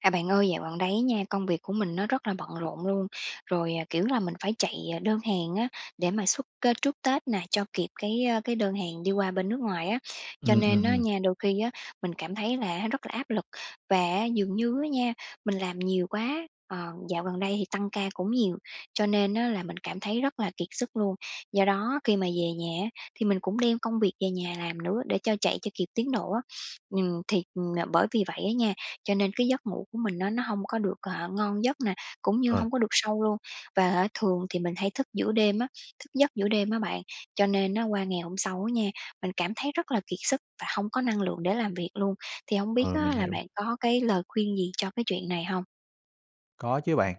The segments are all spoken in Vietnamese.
À, bạn ơi, dạo gần đây á nha, công việc của mình nó rất là bận rộn luôn. Rồi, ờ, kiểu là, mình phải chạy, à, đơn hàng á để mà xuất, ơ, trước Tết này cho kịp cái, ơ, cái đơn hàng đi qua bên nước ngoài á. Cho Ừm, ừm, nên á ừm. nha, đôi khi á mình cảm thấy là á rất là áp lực, và á dường như á nha, mình làm nhiều quá. Ờ, dạo gần đây thì tăng ca cũng nhiều, cho nên á là mình cảm thấy rất là kiệt sức luôn. Do đó khi mà về nhà á, thì mình cũng đem công việc về nhà làm nữa để cho chạy cho kịp tiến độ á. Ừm, thì, ừm, n bởi vì vậy á nha, cho nên cái giấc ngủ của mình á, nó hông có được, à, ngon giấc nè, cũng như Ờ. hông có được sâu luôn, và, a, thường thì mình hay thức giữa đêm á, thức giấc giữa đêm á bạn. Cho nên á qua ngày hôm sau á nha, mình cảm thấy rất là kiệt sức và hông có năng lượng để làm việc luôn. Thì hông biết Ờ, á, mình là hiểu. bạn có cái lời khuyên gì cho cái chuyện này hông? Có chứ bạn.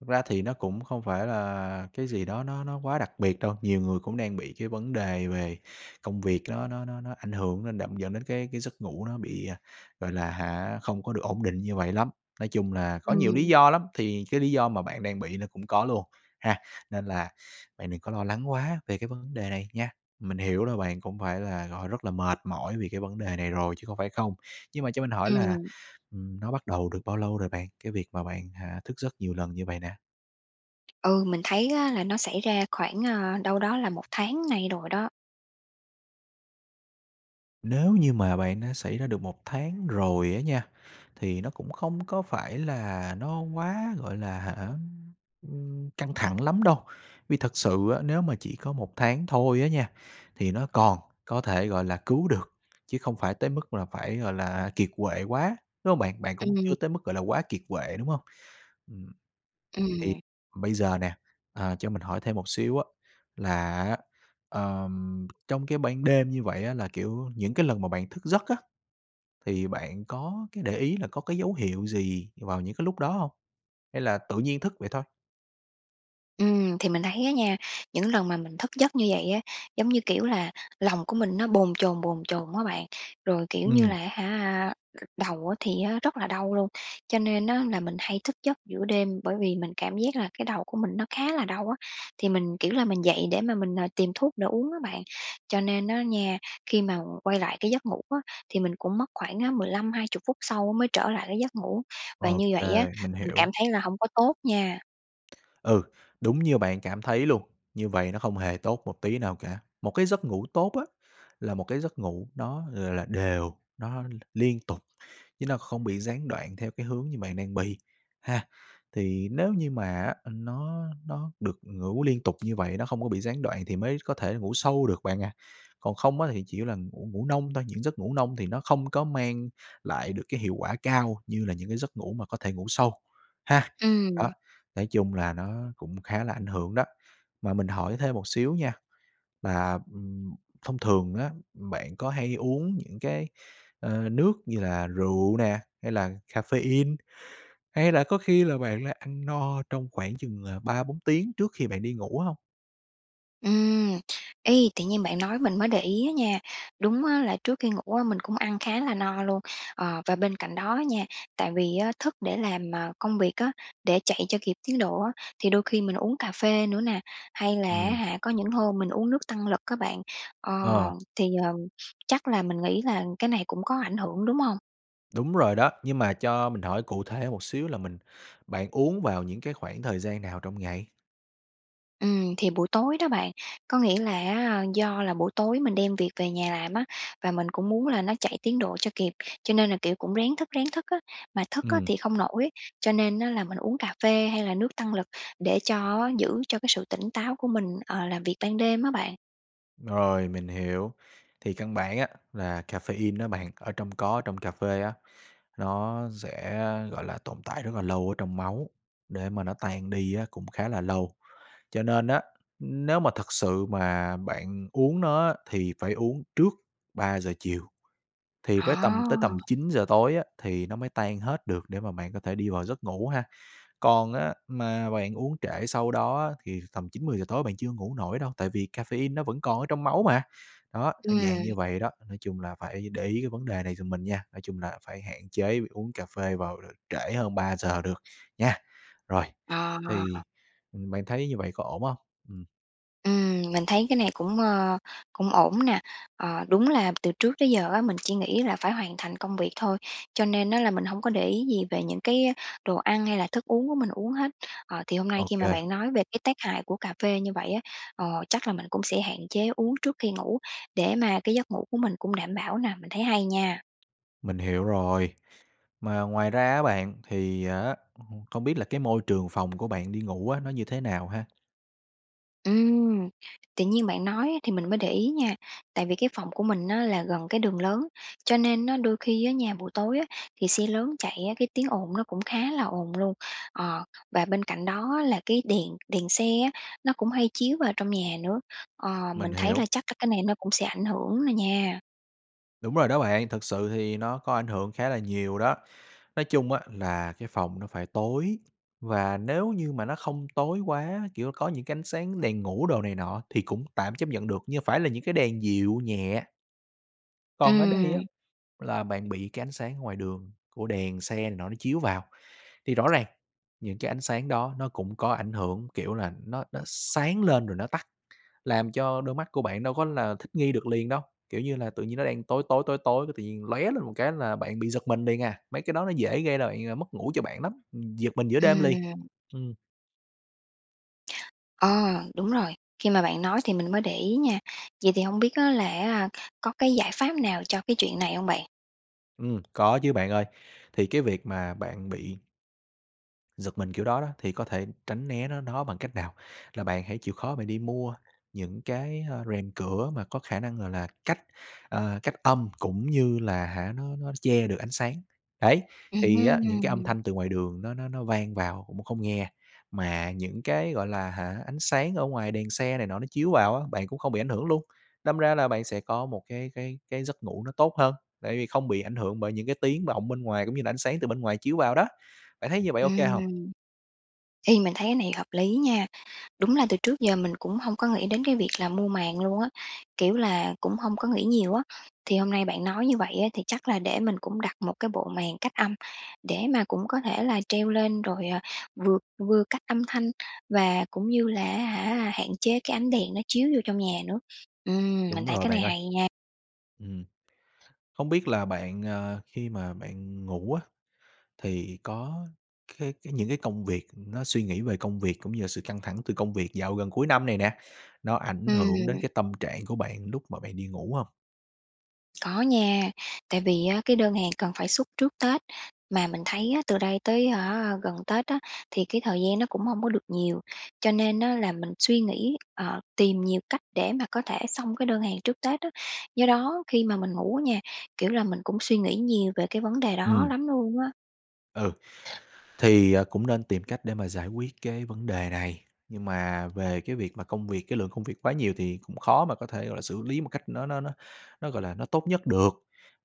Thực ra thì nó cũng không phải là cái gì đó nó nó quá đặc biệt đâu, nhiều người cũng đang bị cái vấn đề về công việc nó nó nó nó ảnh hưởng, nên đẫm dẫn đến cái cái giấc ngủ nó bị, à, gọi là hả, không có được ổn định như vậy lắm. Nói chung là có nhiều lý Ừm. do lắm, thì cái lý do mà bạn đang bị nó cũng có luôn, ha. Nên là bạn đừng có lo lắng quá về cái vấn đề này nha. Mình hiểu là bạn cũng phải là, gọi là, rất là mệt mỏi vì cái vấn đề này rồi chứ không phải không, nhưng mà cho mình hỏi là, Ừm. ừm, nó bắt đầu được bao lâu rồi bạn? Cái việc mà bạn, ờ, thức giấc nhiều lần như vậy nè? Ừ, mình thấy á là nó xảy ra khoảng, a, đâu đó là 1 tháng nay rồi đó. Nếu như mà bạn đã xảy ra được 1 tháng rồi á nha, thì nó cũng không có phải là nó quá, gọi là, hả, ưm, ưm, căng thẳng lắm đâu. Vì thật sự á, nếu mà chỉ có 1 tháng thôi á nha, thì nó còn có thể, gọi là, cứu được, chứ không phải tới mức là phải, gọi là, kiệt quệ quá, đúng hông bạn? Bạn cũng Ừm. chưa tới mức, gọi là, quá kiệt quệ, đúng hông? Ừm, thì Ừm. bây giờ nè, ờ, cho mình hỏi thêm một xíu á, là á, ờm, trong cái ban đêm như vậy á là, kiểu, những cái lần mà bạn thức giấc á, thì bạn có cái để ý là có cái dấu hiệu gì vào những cái lúc đó hông? Hay là tự nhiên thức vậy thôi? Ừm, thì mình thấy á nha, những lần mà mình thức giấc như vậy á, giống như, kiểu là, lòng của mình nó bồn chồn, bồn chồn á bạn, rồi, kiểu như Ừm. là á hả, c đầu á thì rất là đau luôn. Cho nên á là mình hay thức giấc giữa đêm, bởi vì mình cảm giác là cái đầu của mình nó khá là đau á, thì mình, kiểu là, mình dậy để mà mình, à, tìm thuốc để uống á bạn. Cho nên á nha, khi mà quay lại cái giấc ngủ á, thì mình cũng mất khoảng á 15-20 phút sau mới trở lại cái giấc ngủ. Và như OK, vậy á, mình mình cảm hiểu. thấy là hông có tốt nha. Ừ, đúng như bạn cảm thấy luôn, như vậy nó không hề tốt một tí nào cả. Một cái giấc ngủ tốt á là một cái giấc ngủ nó, gọi là, đều, nó l liên tục, chứ nó không bị gián đoạn theo cái hướng như bạn đang bị, ha. Thì nếu như mà á, ừ, nó nó được ngủ liên tục như vậy, nó không có bị gián đoạn thì mới có thể ngủ sâu được bạn ạ. Còn không á thì chỉ là ngủ ngủ nông thôi, những giấc ngủ nông thì nó không có mang lại được cái hiệu quả cao như là những cái giấc ngủ mà có thể ngủ sâu, ha. Đó, Ừm. nói chung là nó cũng khá là ảnh hưởng đó. Mà mình hỏi thêm một xíu nha, là, ừm, thông thường á, bạn có hay uống những cái, ờ, nước như là rượu nè, hay là caffeine, hay là có khi là bạn là ăn no trong khoảng chừng là 3-4 tiếng trước khi bạn đi ngủ hông? Ừm. Ê, tự nhiên bạn nói mình mới để ý á nha, đúng á là trước khi ngủ á, mình cũng ăn khá là no luôn. Ờ, và bên cạnh đó á nha, tại vì á thức để làm, ờ, công việc á, để chạy cho kịp tiến độ á, thì đôi khi mình uống cà phê nữa nè, hay là á Ừm. hả có những hôm mình uống nước tăng lực á bạn. Ờ, Ờ. thì, ờ, chắc là mình nghĩ là cái này cũng có ảnh hưởng, đúng hông? Đúng rồi đó, nhưng mà cho mình hỏi cụ thể một xíu là mình bạn uống vào những cái khoảng thời gian nào trong ngày? Ừm, thì buổi tối đó bạn, có nghĩa là á, do là buổi tối mình đem việc về nhà làm á, và mình cũng muốn là nó chạy tiến độ cho kịp. Cho nên là, kiểu, cũng ráng thức, ráng thức á, mà thức á, Ừm. thì không nổi, cho nên á là mình uống cà phê hay là nước tăng lực để cho á, giữ cho cái sự tỉnh táo của mình, ờ, làm việc ban đêm á bạn. Rồi, mình hiểu. Thì căn bản á, là caffeine á bạn, ở trong có ở trong cà phê á, nó dẽ, a, gọi là, tồn tại rất là lâu ở trong máu, để mà nó tan đi á cũng khá là lâu. Cho nên á, ưm, nếu mà thực sự mà bạn uống nó á, thì phải uống trước 3:00 chiều thì với tầm tới tầm À! 9:00 tối á, thì nó mới tan hết được để mà bạn có thể đi vào giấc ngủ ha. Còn á, mà bạn uống trễ sau đó á, thì tầm 9-10:00 tối bạn chưa ngủ nổi đâu, tại vì caffeine nó vẫn còn ở trong máu mà. Đó, ơ, Ừm. dạng như vậy đó, nói chung là phải để ý cái vấn đề này giùm mình nha, nói chung là phải hạn chế uống cà phê vào, ờ, trễ hơn 3:00 được nha! Rồi, À. thì, ừm, bạn thấy như vậy có ổn hông? Ừm. Ừm, mình thấy cái này cũng, ơ, cũng ổn nè. Ờ, đúng là từ trước tới giờ á, mình chỉ nghĩ là phải hoàn thành công việc thôi, cho nên á là mình hông có để ý gì về những cái đồ ăn hay là thức uống của mình uống hết. Ờ, thì hôm nay Ô khi mà kê. bạn nói về cái tác hại của cà phê như vậy á, ờ, chắc là mình cũng sẽ hạn chế uống trước khi ngủ, để mà cái giấc ngủ của mình cũng đảm bảo nè. Mình thấy hay nha. Mình hiểu rồi. Mà ngoài ra á bạn, thì á h không biết là cái môi trường phòng của bạn đi ngủ á, nó như thế nào ha? Ừm, tự nhiên bạn nói á thì mình mới để ý nha, tại vì cái phòng của mình á là gần cái đường lớn, cho nên nó đôi khi á nha, buổi tối á, thì xe lớn chạy á, cái tiếng ồn nó cũng khá là ồn luôn. Ờ, và bên cạnh đó á là cái đèn đèn xe á, nó cũng hay chiếu vào trong nhà nữa, ờ, mình Mình thấy là hiểu. chắc các cái này nó cũng sẽ ảnh hưởng nà nha. Đúng rồi đó bạn, thực sự thì nó có ảnh hưởng khá là nhiều đó. Nói chung á là cái phòng nó phải tối, và nếu như mà nó không tối quá, kiểu, có những cái ánh sáng đèn ngủ đồ này nọ thì cũng tạm chấp nhận được, nhưng phải là những cái đèn dịu nhẹ. Còn ở đây Ừm. á, là bạn bị cái ánh sáng ở ngoài đường, của đèn xe này nọ nó chiếu vào, thì rõ ràng những cái ánh sáng đó nó cũng có ảnh hưởng, kiểu là, nó nó sáng lên rồi nó tắt, làm cho đôi mắt của bạn đâu có là thích nghi được liền đâu. Kiểu như là, tự nhiên nó đang tối tối, tối tối cái tự nhiên lóe lên một cái là bạn bị giật mình liền à, mấy cái đó nó dễ gây ra bạn ờ, mất ngủ cho bạn lắm, ừm, giật mình giữa đêm liền. Ừm. Ừm. Ờ, đúng rồi. Khi mà bạn nói thì mình mới để ý nha. Vậy thì hông biết á là, a, có cái giải pháp nào cho cái chuyện này hông bạn. Ừm, có chứ bạn ơi. Thì cái việc mà bạn bị giật mình kiểu đó đó, thì có thể tránh né nó nó bằng cách nào? Là bạn hãy chịu khó bạn đi mua những cái, ơ, rèm cửa mà có khả năng, gọi là, cách, ờ, cách âm, cũng như là, hả, nó nó che được ánh sáng. Đấy, Ừm thì á những cái âm hưm. thanh từ ngoài đường nó nó nó vang vào cũng không nghe, mà những cái, gọi là, hả ánh sáng ở ngoài đèn xe này nọ nó chiếu vào á, bạn cũng không bị ảnh hưởng luôn. Đâm ra là bạn sẽ có một cái cái cái giấc ngủ nó tốt hơn, tại vì không bị ảnh hưởng bởi những cái tiếng vọng bên ngoài cũng như là ánh sáng từ bên ngoài chiếu vào đó. Bạn thấy như vậy OK hông? Ừm. Ê, mình thấy cái này hợp lý nha. Đúng là từ trước giờ mình cũng hông có nghĩ đến cái việc là mua màn luôn á, kiểu là, cũng hông có nghĩ nhiều á. Thì hôm nay bạn nói như vậy á, thì chắc là để mình cũng đặt một cái bộ màn cách âm để mà cũng có thể là treo lên rồi, ờ, vừa vừa cách âm thanh và cũng như là, á hả, hạn chế cái ánh đèn nó chiếu vô trong nhà nữa. Ừm, mình Đúng thấy rồi cái này bạn ơi. hay nha! Ừm. Hông biết là bạn, ờ, khi mà bạn ngủ á, thì có cái cái những cái công việc, ưm, nó suy nghĩ về công việc cũng như là sự căng thẳng từ công việc dạo gần cuối năm này nè, nó ảnh hưởng đến Ừm. cái tâm trạng của bạn lúc mà bạn đi ngủ hông? Có nha. Tại vì á, cái đơn hàng cần phải xuất trước Tết, mà mình thấy á, từ đây tới, hả, gần Tết á, thì cái thời gian nó cũng hông có được nhiều, cho nên á là mình suy nghĩ, ờ, tìm nhiều cách để mà có thể xong cái đơn hàng trước Tết á. Do đó khi mà mình ngủ nha, kiểu là, mình cũng suy nghĩ nhiều về cái vấn đề đó Ừm. lắm luôn á. Ừ, thì, ờ, cũng nên tìm cách để mà giải quyết cái vấn đề này. Nhưng mà về cái việc mà công việc, cái lượng công việc quá nhiều thì cũng khó mà có thể, gọi là, xử lý một cách nó nó nó nó, gọi là, nó tốt nhất được.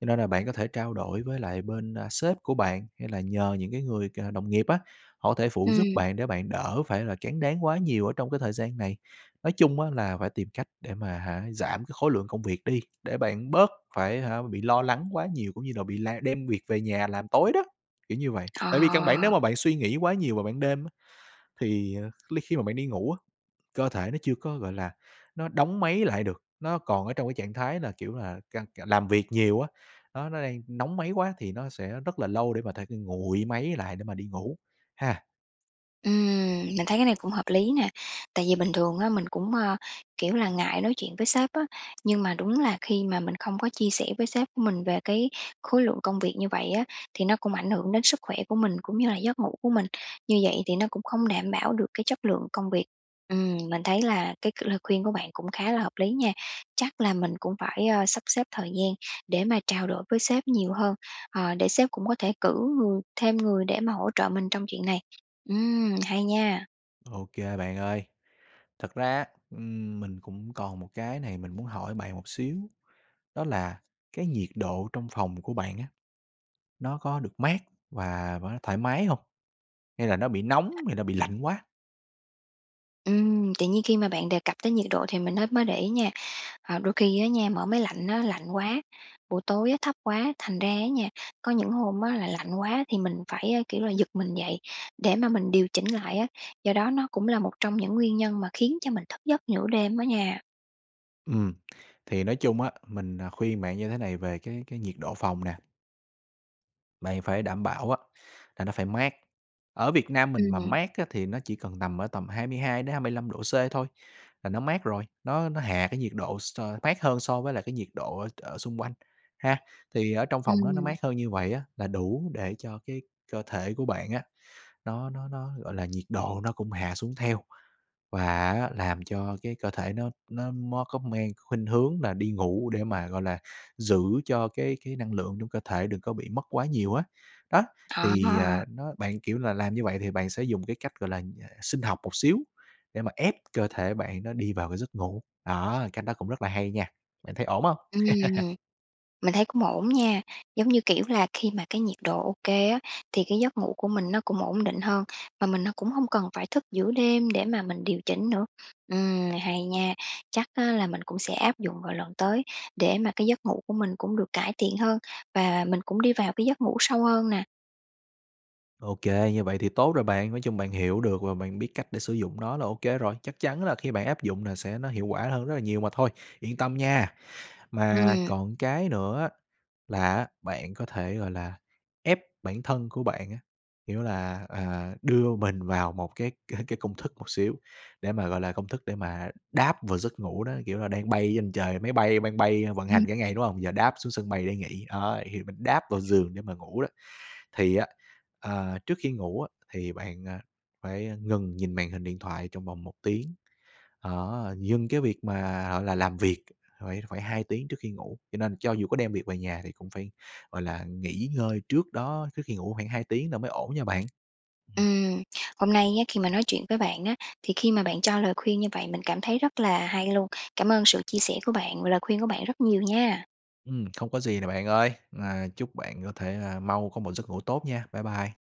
Cho nên là bạn có thể trao đổi với lại bên, a, sếp của bạn, hay là nhờ những cái người, cà, đồng nghiệp á, họ thể phụ giúp Ừm. bạn để bạn đỡ phải là tráng đáng quá nhiều ở trong cái thời gian này. Nói chung á là phải tìm cách để mà, hả, giảm cái khối lượng công việc đi, để bạn bớt phải, hả, bị lo lắng quá nhiều cũng như là bị la đem việc về nhà làm tối đó, kiểu như vậy. Ờ. Tại vì căn bản nếu mà bạn suy nghĩ quá nhiều vào ban đêm á, thì li khi mà bạn đi ngủ á, cơ thể nó chưa có, gọi là, nó đóng máy lại được, nó còn ở trong cái trạng thái là, kiểu là, căng c làm việc nhiều á, nó nó đang nóng máy quá thì nó sẽ rất là lâu để mà thể [unintelligible] nguội máy lại để mà đi ngủ, ha. Ừm, mình thấy cái này cũng hợp lý nè, tại vì bình thường á, mình cũng, ơ, kiểu là, ngại nói chuyện với sếp á. Nhưng mà đúng là khi mà mình không có chia sẻ với sếp của mình về cái khối lượng công việc như vậy á, thì nó cũng ảnh hưởng đến sức khỏe của mình, cũng như là giấc ngủ của mình. Như vậy thì nó cũng không đảm bảo được cái chất lượng công việc. Ừm, mình thấy là cái c lời khuyên của bạn cũng khá là hợp lý nha, chắc là mình cũng phải, ơ, sắp xếp thời gian để mà trao đổi với sếp nhiều hơn, ờ, để sếp cũng có thể cử người thêm người để mà hỗ trợ mình trong chuyện này. Ừm, hay nha. Ô kê bạn ơi. Thật ra, ừm, mình cũng còn một cái này mình muốn hỏi bạn một xíu, đó là cái nhiệt độ trong phòng của bạn á, nó có được mát và và nó thoải mái hông? Hay là nó bị nóng hay là bị lạnh quá? Ừm, tự nhiên khi mà bạn đề cập tới nhiệt độ thì mình mới mới để ý nha. Ờ, đôi khi á nha, mở máy lạnh á lạnh quá, buổi tối á thấp quá, thành ra á nha, có những hôm á là lạnh quá thì mình phải, a, kiểu là, giật mình dậy, để mà mình điều chỉnh lại á. Do đó nó cũng là một trong những nguyên nhân mà khiến cho mình thức giấc giữa đêm á nha. Ừm. Thì nói chung á, mình, ờ, khuyên bạn như thế này về cái cái nhiệt độ phòng nè. Mày phải đảm bảo á là nó phải mát. Ở Việt Nam mình Ừm, mà nè. mát á thì nó chỉ cần nằm ở tầm 22-25 độ C thôi là nó mát rồi, nó nó hạ cái nhiệt độ s mát hơn so với lại cái nhiệt độ ở ở xung quanh, ha. Thì ở trong phòng nó nó Ừm. mát hơn như vậy á, là đủ để cho cái cơ thể của bạn á nó nó nó, gọi là, nhiệt độ nó cũng hạ xuống theo, và á làm cho cái cơ thể nó nó mó có mang khuynh hướng là đi ngủ để mà, gọi là, giữ cho cái cái năng lượng trong cơ thể đừng có bị mất quá nhiều á. Đó, Ờ. thì, ờ, nó bạn, kiểu là, làm như vậy thì bạn sẽ dùng cái cách, gọi là, ờ, sinh học một xíu để mà ép cơ thể bạn nó đi vào cái giấc ngủ. Đó, cách đó cũng rất là hay nha, bạn thấy ổn hông? Ừm, mình thấy cũng ổn nha. Giống như, kiểu là, khi mà cái nhiệt độ ô kê á, thì cái giấc ngủ của mình nó cũng ổn định hơn, mà mình nó cũng hông cần phải thức giữa đêm để mà mình điều chỉnh nữa. Ừm, hay nha, chắc á là mình cũng sẽ áp dụng vào lần tới để mà cái giấc ngủ của mình cũng được cải thiện hơn và mình cũng đi vào cái giấc ngủ sâu hơn nà. Ô kê, như vậy thì tốt rồi bạn. Nói chung bạn hiểu được và bạn biết cách để sử dụng nó là ô kê rồi, chắc chắn là khi bạn áp dụng nà sẽ nó hiệu quả hơn rất là nhiều mà thôi, yên tâm nha. Mà Ừm. còn cái nữa á là á bạn có thể, gọi là, ép bản thân của bạn á, kiểu là, ờ, đưa mình vào một cái c cái công thức một xíu để mà, gọi là, công thức để mà đáp vào giấc ngủ đó. Kiểu là, đang bay trên trời, máy bay đang bay vận hành Ừm. cả ngày, đúng hông, giờ đáp xuống sân bay để nghỉ, đó, thì mình đáp vào giường để mà ngủ đó. Thì á, ờ, trước khi ngủ á, thì bạn, a, phải ngừng nhìn màn hình điện thoại trong vòng 1 tiếng. Đó, dừng cái việc mà, gọi là, làm việc phải phải 2 tiếng trước khi ngủ. Cho nên cho dù có đem việc về nhà thì cũng phải, gọi là, nghỉ ngơi trước đó, trước khi ngủ khoảng 2 tiếng là mới ổn nha bạn. Ừm. Ừm, hôm nay nhé, khi mà nói chuyện với bạn á, thì khi mà bạn cho lời khuyên như vậy mình cảm thấy rất là hay luôn. Cảm ơn sự chia sẻ của bạn và lời khuyên của bạn rất nhiều nha. Ừm, không có gì nè bạn ơi! Và chúc bạn có thể là mau có một giấc ngủ tốt nha. Bye bye.